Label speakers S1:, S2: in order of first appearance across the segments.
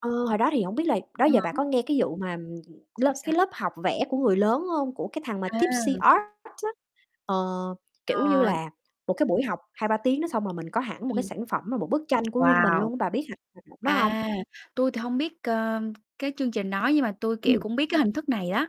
S1: Ờ, hồi đó thì hổng biết là đó
S2: À
S1: giờ bà
S2: há.
S1: có nghe cái vụ mà lớp
S2: Sao,
S1: cái
S2: sao?
S1: lớp học vẽ của người lớn hông, của cái thằng mà
S2: À.
S1: Tipsy Art á? Ờ, kiểu như
S2: Ờ.
S1: là, một cái buổi học
S2: Ơ,
S1: hai
S2: sao?
S1: ba tiếng đó xong rồi mình có hẳn một cái
S2: Ừm.
S1: sản phẩm là một bức tranh của riêng mình
S2: Wow.
S1: luôn á bà biết hạng [unintelligible] đó hông?
S2: À, tui thì hông biết, ờ, cái chương trình đó nhưng mà tui, kiểu,
S1: Ừm.
S2: cũng biết cái hình thức này đó.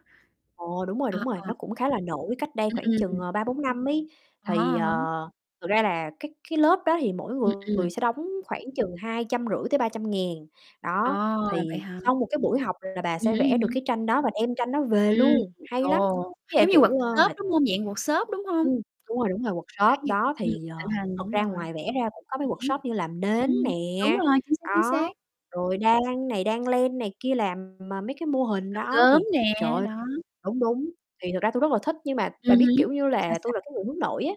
S1: Ồ, đúng rồi,
S2: Ờ,
S1: đúng rồi,
S2: ờ.
S1: nó cũng khá là nổi cách đây
S2: Ừm,
S1: khoảng
S2: ừm,
S1: chừng,
S2: ừm.
S1: ờ, 3, 4 năm ấy,
S2: À
S1: thì,
S2: há, à há.
S1: ờ, thực ra là cái cái lớp đó thì mỗi
S2: Ừm, ừm.
S1: người sẽ đóng khoảng chừng 250.000-300.000, đó,
S2: À, vậy
S1: thì
S2: hả?
S1: sau một cái buổi học là bà
S2: Ừm
S1: sẽ
S2: hứm,
S1: vẽ
S2: ừm
S1: được
S2: hứm.
S1: cái tranh đó và đem tranh đó về
S2: Ừm,
S1: luôn, hay lắm.
S2: ồ,
S1: Với lại,
S2: giống như
S1: kiểu, ờ,
S2: workshop,
S1: mệt
S2: đúng hông? Dạng workshop, đúng hông?
S1: Ừm, đúng rồi, đúng rồi,
S2: [unintelligible]
S1: workshop
S2: Ừm,
S1: đó,
S2: cũng
S1: thì, ờ,
S2: thịnh hành,
S1: thật
S2: đúng
S1: ra
S2: rồi.
S1: ngoài vẽ ra cũng có mấy
S2: Ừm hứm.
S1: workshop như làm nến
S2: Ừm, đúng
S1: nè,
S2: rồi, chính xác, chính xác.
S1: đó, rồi đan này đan len này kia, làm, ờ, mấy cái mô hình
S2: Làm
S1: đó
S2: gốm
S1: thì trời
S2: nè,
S1: ơi
S2: đó.
S1: đúng, đúng, thì thật ra tui rất là thích nhưng mà
S2: Ừm
S1: bà biết,
S2: hứm.
S1: kiểu như
S2: Sao,
S1: là, tui
S2: sao?
S1: là cái người hướng nội á.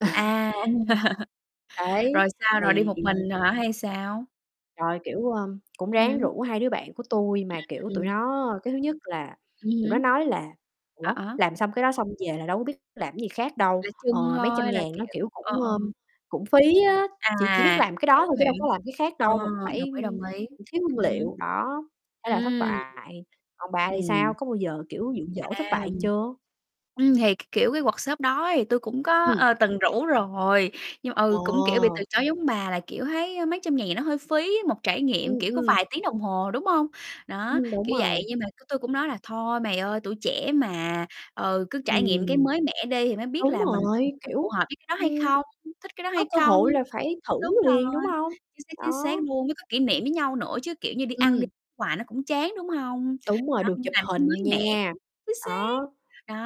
S2: À.
S1: Đấy,
S2: Rồi sao, rồi đi
S1: thì
S2: một mình hả, hay sao?
S1: Rồi, kiểu, ờm, cũng
S2: Ừm
S1: ráng
S2: hứm.
S1: rủ 2 đứa bạn của tui mà, kiểu, tụi
S2: Ừm.
S1: nó cái thứ nhất là
S2: Ừm
S1: tụi nó
S2: hứm.
S1: nói là
S2: À,
S1: "Ủa,
S2: á.
S1: làm xong cái đó xong về là đâu có biết làm gì khác đâu,
S2: Để
S1: ờ,
S2: trưng
S1: mấy trăm
S2: thôi, là,
S1: ngàn nó,
S2: kiểu
S1: kiểu,
S2: ờ,
S1: cũng,
S2: ờ.
S1: ờm, cũng phí á, chỉ chỉ biết
S2: À,
S1: làm cái đó
S2: hiểu,
S1: thôi chứ đâu có
S2: hiểu.
S1: làm cái khác
S2: Ờ,
S1: đâu mà cũng
S2: đồng
S1: phải
S2: ý, đồng ý.
S1: thiếu nguyên
S2: Ừm hứm.
S1: liệu." Đó, thế là thất
S2: Ừm.
S1: bại. Còn bà thì
S2: Ừm.
S1: sao, có bao giờ, kiểu, dụ dỗ thất
S2: À.
S1: bại chưa?
S2: Ừm, thì cái, kiểu, cái workshop đó thì tui cũng có,
S1: Ừm.
S2: ờ, từng rủ rồi, nhưng mà, ừ, cũng, kiểu, bị từ
S1: Ờ.
S2: chối giống bà là, kiểu, thấy mấy trăm ngàn thì nó hơi phí một trải nghiệm,
S1: Ừm,
S2: kiểu, có
S1: ừm.
S2: vài tiếng đồng hồ, đúng hông? Đó,
S1: Ừm, đúng
S2: kiểu vậy,
S1: rồi.
S2: nhưng mà cái tui cũng nói là "Thôi mày ơi, tuổi trẻ mà, ừ, cứ trải nghiệm cái
S1: Ừm.
S2: mới mẻ đi thì mới biết
S1: Đúng
S2: là mình nhiều
S1: rồi,
S2: khi phù
S1: kiểu,
S2: hợp với cái đó hay
S1: ưm,
S2: không, thích cái đó
S1: có
S2: hay
S1: cơ
S2: không?"
S1: hội là phải thử
S2: Đúng
S1: liền,
S2: rồi.
S1: đúng hông?
S2: Chính xác, chính xác
S1: Đó.
S2: luôn, với có kỷ niệm với nhau nữa chứ, kiểu, như đi ăn đi
S1: Ừm.
S2: hoài nó cũng chán, đúng hông?
S1: Đúng rồi,
S2: Đó,
S1: được
S2: cũng
S1: chụp
S2: là cái
S1: hình
S2: mới mẻ,
S1: nha.
S2: chính xác.
S1: Đó,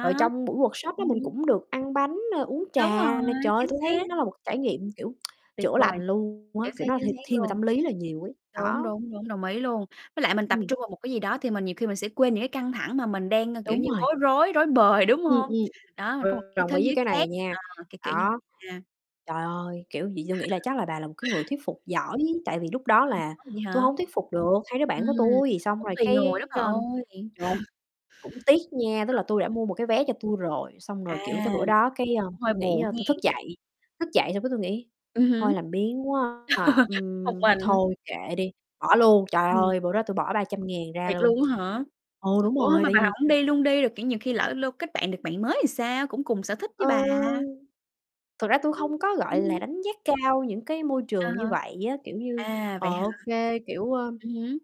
S1: rồi trong buổi workshop đó mình
S2: Ừm.
S1: cũng được ăn bánh, ơ, uống
S2: Đúng
S1: trà nè.
S2: rồi,
S1: Trời!
S2: chính
S1: Tui thấy
S2: xác.
S1: nó là một trải nghiệm, kiểu,
S2: Tuyệt
S1: chữa
S2: vời,
S1: lành luôn á,
S2: chính xác,
S1: kiểu, nó th
S2: chính xác
S1: thiên về
S2: luôn.
S1: tâm lý là nhiều ấy,
S2: Đúng,
S1: đó.
S2: đúng, đúng, đồng ý luôn, với lại mình tập
S1: Ừm.
S2: trung vào một cái gì đó thì mình nhiều khi mình sẽ quên những cái căng thẳng mà mình đang, kiểu
S1: Đúng
S2: như,
S1: rồi.
S2: bối rối, rối bời, đúng
S1: Ừm,
S2: hông?
S1: ừm,
S2: Đó, mình
S1: ờ,
S2: có một cái
S1: đồng
S2: thế
S1: ý với
S2: giới
S1: cái này
S2: khác,
S1: nha,
S2: ờ, kiểu, kiểu như
S1: đó.
S2: vậy a.
S1: Trời ơi, kiểu vậy tui nghĩ là chắc là bà là một cái người thuyết phục giỏi tại vì lúc đó
S2: Ờ,
S1: là
S2: ủa vậy
S1: tui
S2: hả?
S1: hông thuyết phục được 2 đứa bạn của
S2: Ừm,
S1: tui, xong
S2: cũng
S1: rồi
S2: tùy
S1: cái,
S2: người đó bà
S1: ơ
S2: ơi.
S1: trời ơi! Cũng tiếc nha, tức là tui
S2: Ờ.
S1: đã mua một cái vé cho tui rồi, xong
S2: À,
S1: rồi kiểu tới bữa đó cái, ơ,
S2: cũng hơi
S1: tui nghĩ,
S2: buồn
S1: ơ tui thức
S2: hén.
S1: dậy, thức dậy xong cái tui nghĩ
S2: Ừm
S1: "Thôi
S2: hứm.
S1: làm biếng quá, à,
S2: Một
S1: ừm,
S2: mình.
S1: thôi kệ đi, bỏ luôn." Trời
S2: Ừm.
S1: ơi, bữa đó tui bỏ 300.000 ra
S2: Thiệt
S1: luôn.
S2: luôn á hả?
S1: Ừ, đúng
S2: Ủa, ơ,
S1: rồi,
S2: mà
S1: tại
S2: bà
S1: vì
S2: hổng đi luôn đi, rồi, kiểu, nhiều khi lỡ lô kết bạn được bạn mới thì sao? Cũng cùng sở thích với
S1: Ờ,
S2: bà.
S1: thực ra tui
S2: Ừm,
S1: không có, gọi
S2: ừm
S1: là,
S2: hưm.
S1: đánh giá cao những cái môi
S2: À
S1: trường như
S2: há.
S1: vậy á, kiểu như,
S2: À,
S1: ờ,
S2: vậy hả?
S1: ô kê, kiểu, ơm
S2: Ừm hứm.